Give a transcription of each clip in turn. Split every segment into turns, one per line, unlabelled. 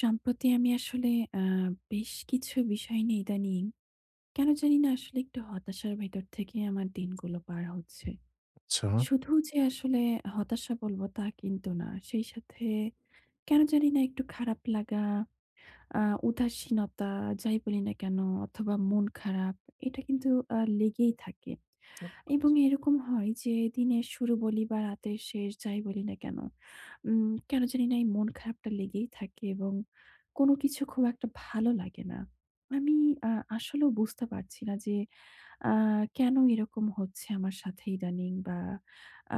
সম্প্রতি আমি আসলে আ বেশ কিছু বিষয় নিয়ে ইদানিং কেন জানিনা আসলে একটু হতাশার ভেতর থেকে আমার দিনগুলো পার হচ্ছে।
আচ্ছা।
শুধু যে আসলে হতাশা বলবো তা কিন্তু না। সেই সাথে কেন জানিনা একটু খারাপ লাগা, আ উদাসীনতা যাই বলি না কেন? অথবা, মন খারাপ এটা কিন্তু আ লেগেই থাকে।
[unintelligible]
এবং এরকম হয় যে দিনের শুরু বলি বা, রাতের শেষ, যাই বলি না কেন? উম কেন জানিনা এই মন খারাপটা লেগেই থাকে এবং কোন কিছু খুব একটা ভালো লাগে না। আমি আ আসলেও বুঝতে পারছি না যে আ কেন এরকম হচ্ছে আমার সাথে ইদানিং বা,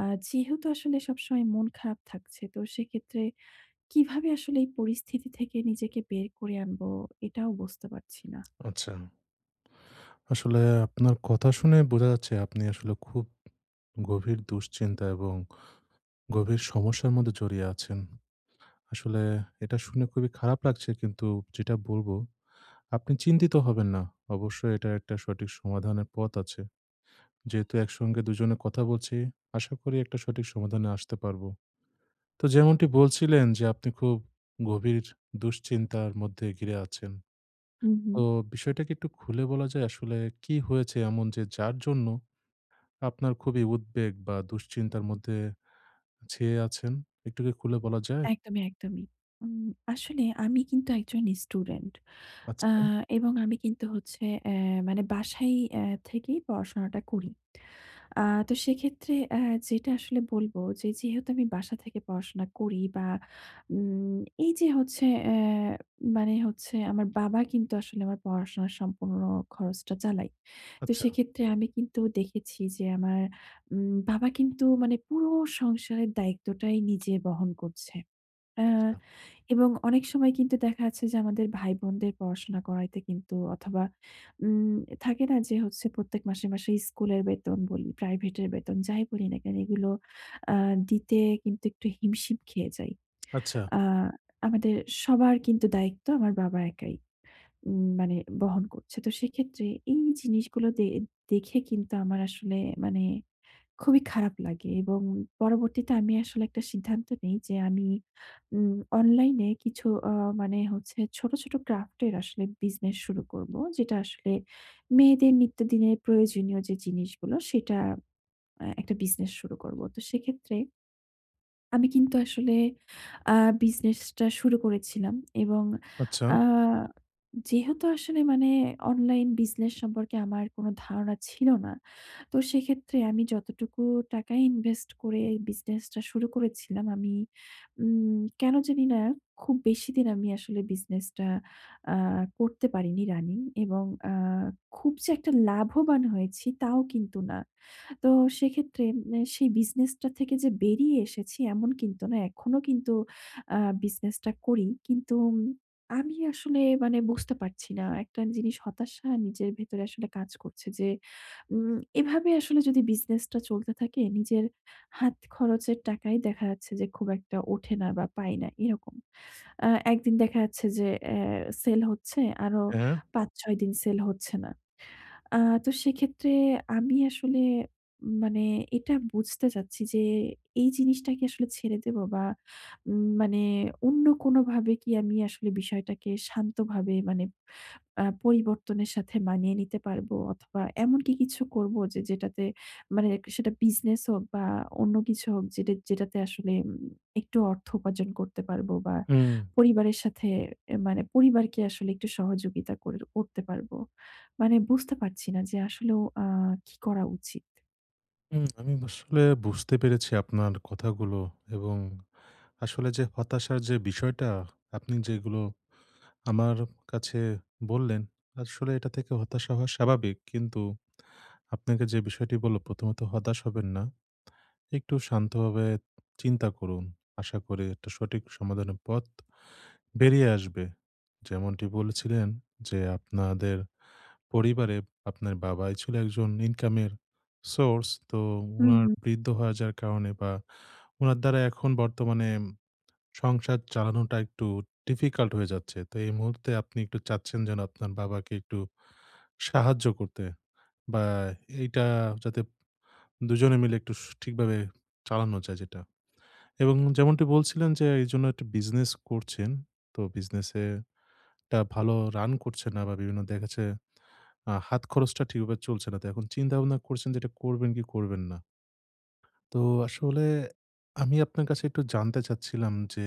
আ যেহেতু আসলে সবসময় মন খারাপ থাকছে, তো সেক্ষেত্রে কিভাবে আসলে এই পরিস্থিতি থেকে নিজেকে বের করে আনবো? এটাও বুঝতে পারছি না।
আচ্ছা। আসলে আপনার কথা শুনেই বোঝা যাচ্ছে আপনি আসলে খুব গভীর দুশ্চিন্তা এবং গভীর সমস্যার মধ্যে জড়িয়ে আছেন। আসলে এটা শুনে খুবই খারাপ লাগছে। কিন্তু যেটা বলবো আপনি চিন্তিত হবেন না। অবশ্যই এটা একটা সঠিক সমাধানের পথ আছে। যেহেতু একসঙ্গে দুজনে কথা বলছি, আশা করি একটা সঠিক সমাধানে আসতে পারবো। তো যেমনটি বলছিলেন যে, আপনি খুব গভীর দুশ্চিন্তার মধ্যে ঘিরে আছেন।
হু,
তো
হু।
বিষয়টাকে একটু খুলে বলা যায় আসলে কি হয়েছে এমন যে যার জন্য আপনার খুবই উদ্বেগ বা, দুশ্চিন্তার মধ্যে ছেয়ে আছেন? একটু কি খুলে বলা যায়?
একদমই, একদমই। উম আসলে আমি কিন্তু একজন স্টুডেন্ট আ
আচ্ছা।
এবং আমি কিন্তু হচ্ছে অ্যা মানে বাসায় এ থেকেই পড়াশোনাটা করি। আ তো সেক্ষেত্রে অ্যা যেটা আসলে বলবো যে, যেহেতু আমি বাসা থেকে পড়াশোনা করি বা, উম এইযে হচ্ছে অ্যা মানে হচ্ছে আমার বাবা কিন্তু আসলে আমার পড়াশোনার সম্পূর্ণ খরচটা চালায়। তো
আচ্ছা।
সেইক্ষেত্রে আমি কিন্তু দেখেছি যে আমার উম বাবা কিন্তু মানে পুরো সংসারের দায়িত্বটাই নিজে বহন করছে। অ্যা
আচ্ছা।
এবং অনেক সময় কিন্তু দেখা যাচ্ছে যে আমাদের ভাই বোনদের পড়াশোনা করাইতে কিন্তু অথবা, উম থাকে না? যে হচ্ছে প্রত্যেক মাসে, মাসে স্কুলের বেতন বলি, প্রাইভেটের বেতন যাই বলি না কেন এগুলো অ্যা দিতে কিন্তু একটু হিমশিম খেয়ে যাই।
আচ্ছা।
আ আমাদের সবার কিন্তু দায়িত্ব আমার বাবা একাই উম মানে বহন করছে। তো সেক্ষেত্রে এই জিনিসগুলো দে দেখে কিন্তু আমার আসলে মানে খুবই খারাপ লাগে। এবং পরবর্তীতে আমি আসলে একটা সিদ্ধান্ত নেই যে, আমি উম অনলাইনে কিছু অ্যা মানে হচ্ছে ছোট, ছোট ক্রাফটের আসলে বিজনেস শুরু করবো। যেটা আসলে মেয়েদের নিত্যদিনের প্রয়োজনীয় যে জিনিসগুলো, সেটা আ একটা বিজনেস শুরু করবো। তো সেক্ষেত্রে আমি কিন্তু আসলে আ বিজনেসটা শুরু করেছিলাম এবং
আচ্ছা।
আ যেহেতু আসলে মানে অনলাইন বিজনেস সম্পর্কে আমার কোন ধারণা ছিল না। তো সেইক্ষেত্রে আমি যতটুকু টাকা ইনভেস্ট করে বিজনেসটা শুরু করেছিলাম আমি উম কেন জানি না খুব বেশিদিন আমি আসলে বিজনেসটা আ করতে পারিনি রানিং এবং আ খুব যে একটা লাভবান হয়েছি তাও কিন্তু না। তো সেইক্ষেত্রে মানে সেই বিজনেসটা থেকে যে বেরিয়ে এসেছি এমন কিন্তু না, এখনো কিন্তু আ বিজনেসটা করি। কিন্তু উম আমি আসলে মানে বুঝতে পারছি না একটা জিনিস হতাশা নিজের ভেতরে আসলে কাজ করছে যে উম এভাবে আসলে যদি বিজনেসটা চলতে থাকে, নিজের হাত খরচের টাকাই দেখা যাচ্ছে যে খুব একটা ওঠে না বা, পাই না, এরকম। আ ১ দিন দেখা যাচ্ছে যে এ সেল হচ্ছে, আরো
হ্যাঁ।
৫-৬ দিন সেল হচ্ছে না। আ তো সেক্ষেত্রে আমি আসলে মানে এটা বুঝতে চাচ্ছি যে, এই জিনিসটা কি আসলে ছেড়ে দেব বা, উম মানে অন্য কোনোভাবে কি আমি আসলে বিষয়টাকে শান্তভাবে মানে আ পরিবর্তনের সাথে মানিয়ে নিতে পারবো অথবা, এমনকি কিছু করবো যে, যেটাতে মানে এক সে সেটা বিজনেস হোক বা, অন্য কিছু হোক যেটা যেটাতে আসলে উম একটু অর্থ উপার্জন করতে পারবো বা,
হুম।
পরিবারের সাথে এ মানে পরিবারকে আসলে একটু সহযোগিতা কর করতে পারবো। মানে বুঝতে পারছি না যে আসলেও আ কি করা উচিত?
উম আমি আসলে বুঝতে পেরেছি আপনার কথাগুলো এবং আসলে যে হতাশার যে বিষয়টা আপনি যেগুলো আমার কাছে বললেন, আসলে এটা থেকে হতাশা হওয়া স্বাভাবিক। কিন্তু আপনাকে যে বিষয়টি বললাম, প্রথমত হতাশ হবেন না। একটু শান্তভাবে চিন্তা করুন। আশা করি একটা সঠিক সমাধানের পথ বেরিয়ে আসবে। যেমনটি বলছিলেন যে, আপনাদের পরিবারে আপনার বাবাই ছিল একজন ইনকামের source, তো
হু,
উনার
হু।
বৃদ্ধ হয়ে যাওয়ার কারণে বা, উনার দ্বারা এখন বর্তমানে উম সংসার চালানোটা একটু difficult হয়ে যাচ্ছে। তো এই মুহূর্তে আপনি একটু চাচ্ছেন যেন, আপনার বাবাকে একটু সাহায্য করতে বা, এইটা যাতে দুজনে মিলে একটু সু ঠিকভাবে চালানো যায় যেটা। এবং যেমনটি বলছিলেন যে এইজন্য একটা বিজনেস করছেন। তো বিজনেসে টা ভালো run করছে না বা, বিভিন্ন দেখা যাচ্ছে, আ হাত খরচটা ঠিকভাবে চলছে না। তো এখন চিন্তা-ভাবনা করছেন যে এটা করবেন কি করবেন না। তো আসলে আমি আপনার কাছে একটু জানতে চাচ্ছিলাম যে,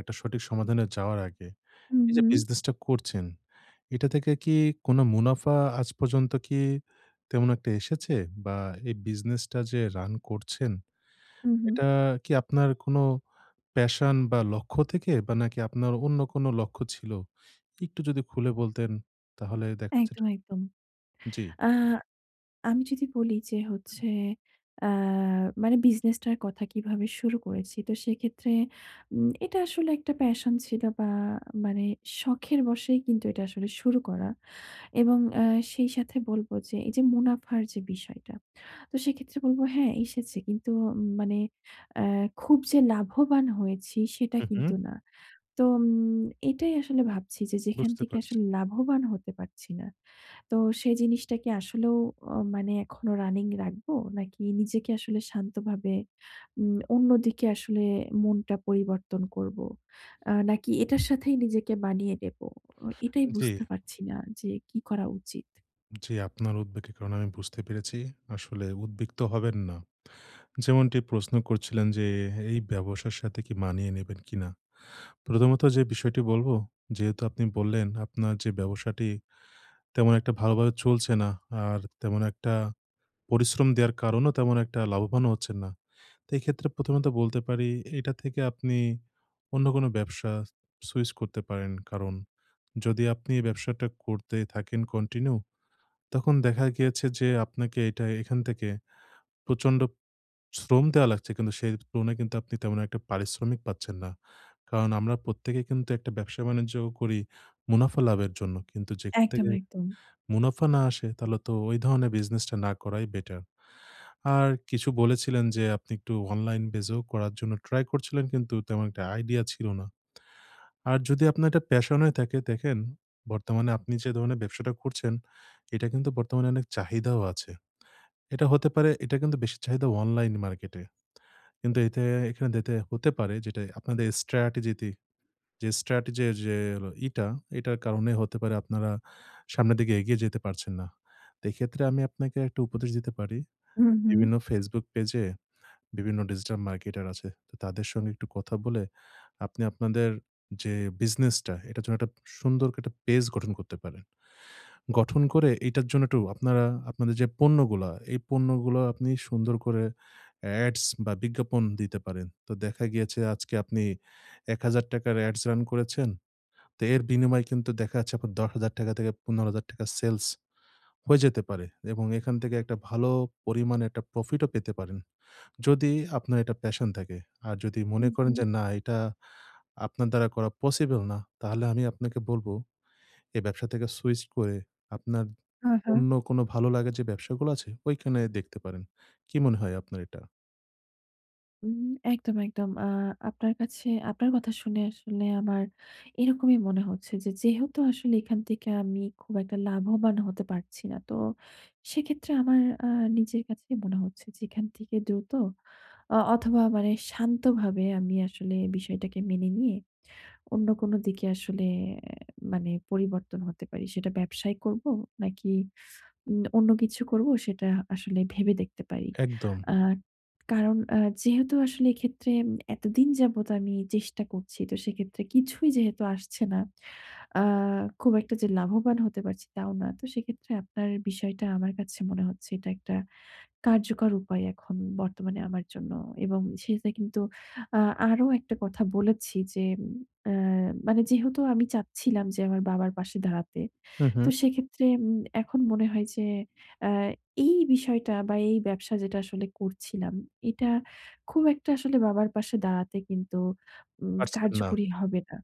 একটা সঠিক সমাধানে যাওয়ার আগে,
হু,
এইযে
হু।
বিজনেসটা করছেন, এটা থেকে কি কোন মুনাফা আজ পর্যন্ত কি তেমন একটা এসেছে? বা, এই বিজনেসটা যে run করছেন,
হু ,হু।
এটা কি আপনার কোন passion বা, লক্ষ্য থেকে বা, নাকি আপনার অন্য কোন লক্ষ্য ছিল? একটু যদি খুলে বলতেন তাহলে দেখা যেত
একদম, একদম।
জ্বী।
আ আমি যদি বলি যে হচ্ছে, আ মানে বিজনেসটার কথা কিভাবে শুরু করেছি। তো সেক্ষেত্রে উম এটা আসলে একটা passion ছিল বা, মানে শখের বসেই কিন্তু এটা আসলে শুরু করা। এবং আ সেই সাথে বলবো যে এইযে মুনাফার যে বিষয়টা। তো সেক্ষেত্রে বলবো, "হ্যাঁ, এসেছে।" কিন্তু অ মানে অ্যা খুব যে লাভবান হয়েছি, সেটা
হু, হু।
কিন্তু না। তো অম এটাই আসলে ভাবছি যে যেখান
বুঝতে
থেকে
পারছি।
আসলে লাভবান হতে পারছি না। তো সেই জিনিসটা কি আসলেও আ মানে এখনো running রাখবো? নাকি নিজেকে আসলে শান্তভাবে উম অন্যদিকে আসলে মনটা পরিবর্তন করবো? আ নাকি এটার সাথেই নিজেকে মানিয়ে নেব? ও এটাই
জ্বী।
বুঝতে পারছি না যে, কি করা উচিত?
জ্বী। আপনার উদ্বেগের কারণ আমি বুঝতে পেরেছি, আসলে উদ্বিগ্ন হবেন না। যেমনটি প্রশ্ন করছিলেন যে, এই ব্যবসার সাথে কি মানিয়ে নিবেন কিনা? প্রথমত যে বিষয়টি বলব, যেহেতু আপনি বললেন, আপনার যে ব্যবসাটি, তেমন একটা ভালোভাবে চলছে না, আর তেমন একটা পরিশ্রম দেয়ার কারণও তেমন একটা লাভবান হচ্ছেন না। তাই এই ক্ষেত্রে প্রথমত বলতে পারি, এইটা থেকে আপনি, অন্য কোন ব্যবসা সুইচ করতে পারেন। কারণ, যদি আপনি ব্যবসাটা করতেই থাকেন কন্টিনিউ, তখন দেখা গিয়েছে যে, আপনাকে এটা এখান থেকে প্রচন্ড শ্রম দেয়া লাগছে, কিন্তু সেই তুলনায় কিন্তু আপনি, তেমন একটা পারিশ্রমিক পাচ্ছেন না। কারণ, আমরা প্রত্যেকে কিন্তু একটা ব্যবসা বাণিজ্যও করি, মুনাফা লাভের জন্য। কিন্তু যেখান
একদম,
থেকে
একদম।
মুনাফা না আসে, তাহলে তো, ওই ধরণের বিজনেসটা না করাই বেটার। আর কিছু বলেছিলেন যে, আপনি একটু অনলাইন বেজ ও করার জন্য ট্রাই করছিলেন কিন্তু তেমন একটা আইডিয়া ছিল না। আর যদি আপনার এটা প্যাশন হয়ে থাকে, দেখেন বর্তমানে আপনি যে ধরনের ব্যবসাটা করছেন, এটা কিন্তু বর্তমানে অনেক চাহিদাও আছে। এটা হতে পারে, এটা কিন্তু বেশি চাহিদা অনলাইন মার্কেট এ। কিন্তু এতে এখান দেতে হতে পারে যেটা আপনাদের strategy যে strategy যে ইটা এটার কারণে হতে পারে আপনারা সামনের দিকে এগিয়ে যেতে পারছেন না। তে এক্ষেত্রে আমি আপনাকে একটা উপদেশ দিতে পারি।
হুম, হুম।
বিভিন্ন Facebook পেজে, বিভিন্ন digital marketer আছে। তো তাদের সঙ্গে একটু কথা বলে, আপনি আপনাদের যে বিজনেসটা, এটার জন্য একটা সুন্দর করে একটা পেজ গঠন করতে পারেন। গঠন করে, এইটার জন্য একটু আপনারা, আপনাদের যে পণ্যগুলা, এই পণ্যগুলা আপনি সুন্দর করে ads বা বিজ্ঞাপন দিতে পারেন। তো দেখা গিয়েছে, আজকে আপনি ৳১,০০০ ads রান করেছেন। তে এর বিনিময়ে কিন্তু দেখা যাচ্ছে, আপনার ৳১০,০০০ থেকে ৳১৫,০০০ সেলস হয়ে যেতে পারে। এবং এখান থেকে একটা ভালো পরিমাণে একটা প্রফিটও পেতে পারেন। যদি আপনার এটা passion থাকে। আর যদি
হুম,
মনে করেন
হুম।
যে না, এটা আপনার দ্বারা করা পসিবল না, তাহলে আমি আপনাকে বলব, এই ব্যবসা থেকে সুইচ করে, আপনার
হা, হা।
অন্য কোন ভালো লাগে যে ব্যবসাগুলো আছে, ওইখানে দেখতে পারেন। কি মনে হয় আপনার এটা?
উম একদম, একদম। আ আপনার কাছে আপনার কথা শুনে আসলে আমার এরকমই মনে হচ্ছে। যে, যেহেতু আসলে এখান থেকে আমি খুব একটা লাভবান হতে পারছি না। তো সেক্ষেত্রে আমার আ নিজের কাছেই মনে হচ্ছে যে এখান থেকে দ্রুত অ অথবা মানে শান্তভাবে আমি আসলে বিষয়টাকে মেনে নিয়ে অন্য কোনো দিকে আসলে এ মানে পরিবর্তন হতে পারি। সেটা ব্যবসায় করবো নাকি উম অন্য কিছু করবো সেটা আসলে ভেবে দেখতে পারি।
একদম।
আ কারণ আ যেহেতু আসলে এক্ষেত্রে এম এতদিন যাবৎ আমি চেষ্টা করছি তো সেক্ষেত্রে কিছুই যেহেতু আসছে না। আ খুব একটা যে লাভবান হতে পারছি তাও না। তো সেক্ষেত্রে আপনার বিষয়টা আমার কাছে মনে হচ্ছে এটা একটা কার্যকর উপায় এখন বর্তমানে আমার জন্য। এবং সেটা কিন্তু আ আরো একটা কথা বলেছি যে অ্যা মানে যেহেতু আমি চাচ্ছিলাম যে আমার বাবার পাশে দাঁড়াতে।
হুম,
তো
হুম।
সেক্ষেত্রে উম এখন মনে হয় যে আ এই বিষয়টা বা এই ব্যবসা যেটা আসলে করছিলাম, এটা খুব একটা আসলে বাবার পাশে দাঁড়াতে কিন্তু ম
পারছেন না।
কার্যকরী হবে না।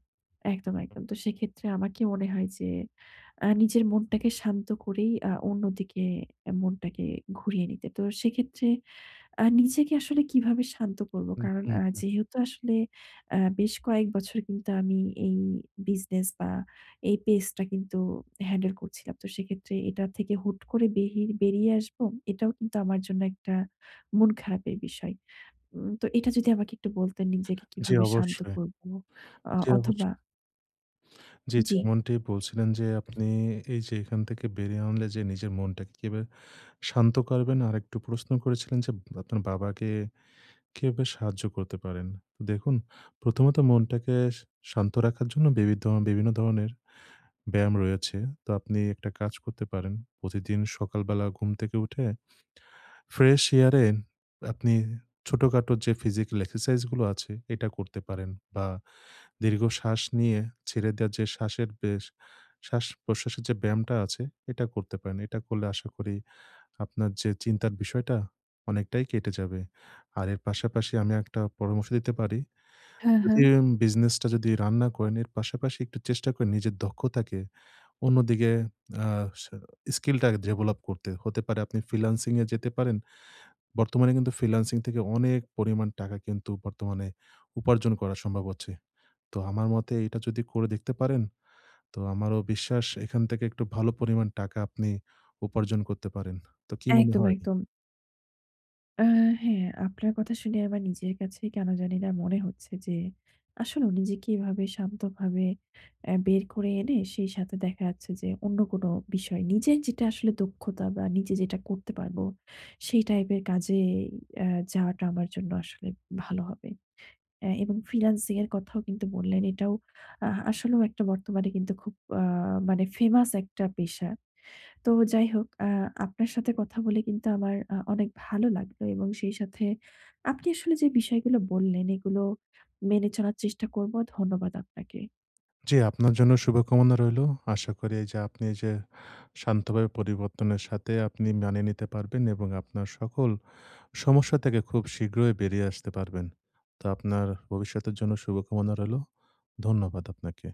একদম, একদম। তো সেক্ষেত্রে আমাকে মনে হয় যে এ নিজের মনটাকে শান্ত করেই আ অন্যদিকে মনটাকে ঘুরিয়ে নিতে। তো সেক্ষেত্রে আ নিজেকে আসলে কিভাবে শান্ত করবো?
হুম,
কারণ
হুম,
আ
হুম।
যেহেতু আসলে আ বেশ কয়েক বছর কিন্তু আমি এই বিজনেস বা এই পেজটা কিন্তু হ্যান্ডেল করছিলাম তো সেক্ষেত্রে এটা থেকে হুট করে বেহি বেরিয়ে আসবো! এটাও কিন্তু আমার জন্য একটা মন খারাপের বিষয়। উম তো এটা যদি আমাকে একটু বলতেন নিজেকে
জি,
কিভাবে শান্ত
অবশ্যই।
করবো অ
জি, অবশ
অথবা
জি,
জি।
যেমনটি বলছিলেন যে ,আপনি এইযে এখান থেকে বেরিয়ে আনলে যে নিজের মনটাকে কিভাবে শান্ত করবেন? আরেকটু প্রশ্ন করেছিলেন যে উম আপনার বাবাকে কিভাবে সাহায্য করতে পারেন? দেখুন প্রথমত মনটাকে শান্ত রাখার জন্য বিবি ধরন বিভিন্ন ধরনের ব্যায়াম রয়েছে। তো আপনি একটা কাজ করতে পারেন প্রতিদিন সকালবেলা ঘুম থেকে উঠে ফ্রেশ এয়ার এ আপনি ছোটখাটো যে ফিজিক্যাল এক্সারসাইজ গুলো আছে এটা করতে পারেন। বা দীর্ঘশ্বাস নিয়ে ছেড়ে দেওয়া যে শ্বাসের, বেশ শ্বাস-প্রশ্বাসের যে ব্যায়ামটা আছে এটা করতে পারেন। এটা করলে আশা করি আপনার যে চিন্তার বিষয়টা অনেকটাই কেটে যাবে। আর এর পাশাপাশি আমি একটা পরামর্শ দিতে পারি।
হ্যা, হ্যা।
যদি উম বিজনেস টা যদি রান না করেন। এর পাশাপাশি একটু চেষ্টা করেন নিজের দক্ষতাকে অন্যদিকে আ স স্কিলটা আগে ডেভেলাপ করতে। হতে পারে আপনি ফ্রিল্যান্সিং এ যেতে পারেন। বর্তমানে কিন্তু ফ্রিল্যান্সিং থেকে অনেক পরিমাণ টাকা কিন্তু বর্তমানে উপার্জন করা সম্ভব হচ্ছে। তো আমার মতে এটা যদি করে দেখতে পারেন, তো আমারও বিশ্বাস এখান থেকে একটু ভালো পরিমাণ টাকা আপনি উপার্জন করতে পারেন। তো কি মনে
একদম,
হয়?
একদম। আ হ্যা, আপনার কথা শুনে আমার নিজের কাছে কেন জানিনা মনে হচ্ছে যে আসলেও নিজেকে এভাবে শান্তভাবে এ বের করে এনে সেই সাথে দেখা যাচ্ছে যে, অন্য কোনো বিষয় নিজের যেটা আসলে দক্ষতা বা নিজে যেটা করতে পারবো, সেই টাইপের কাজেই অ্যা যাওয়াটা আমার জন্য আসলে ভালো হবে। অ্যা এবং ফ্রিল্যান্সিং এর কথাও কিন্তু বললেন এটাও আ আসলেও একটা বর্তমানে কিন্তু খুব আ মানে ফেমাস একটা পেশা। তো যাই হোক আ আপনার সাথে কথা বলে কিন্তু আমার আ অনেক ভালো লাগবে। এবং সেই সাথে আপনি আসলে যে বিষয়গুলো বললেন এগুলো মেনে চলার চেষ্টা করবো, ধন্যবাদ আপনাকে।
জি, আপনার জন্য শুভকামনা রইলো। আশা করি এইযে আপনি এইযে শান্তভাবে পরিবর্তনের সাথে আপনি মানিয়ে নিতে পারবেন। এবং আপনার সকল সমস্যা থেকে খুব শীঘ্রই বেরিয়ে আসতে পারবেন। তো আপনার ভবিষ্যতের জন্য শুভকামনা রইলো। ধন্যবাদ আপনাকে।